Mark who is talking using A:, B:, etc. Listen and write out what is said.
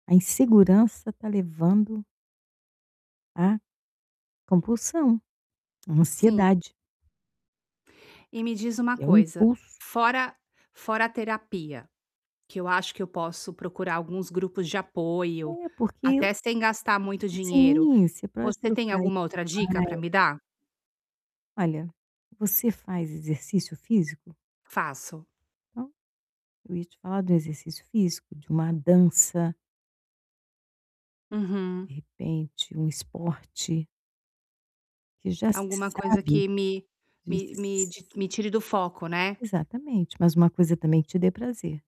A: A insegurança está levando a compulsão, a
B: Sim.
A: ansiedade.
B: E me diz uma
A: É um
B: coisa,
A: impulso.
B: fora fora a terapia, que eu acho que eu posso procurar alguns grupos de apoio,
A: É porque
B: até sem gastar muito dinheiro,
A: Sim, você para pode
B: você tem
A: procurar online.
B: alguma outra dica para me dar?
A: Olha, você faz exercício físico?
B: Faço.
A: Eu ia te falar do exercício físico, de uma dança
B: Uhum.
A: de repente, um esporte que já se
B: Alguma coisa
A: sabe
B: que me me
A: Ess
B: me de me tire do foco, né.
A: exatamente, mas uma coisa também que te dê prazer.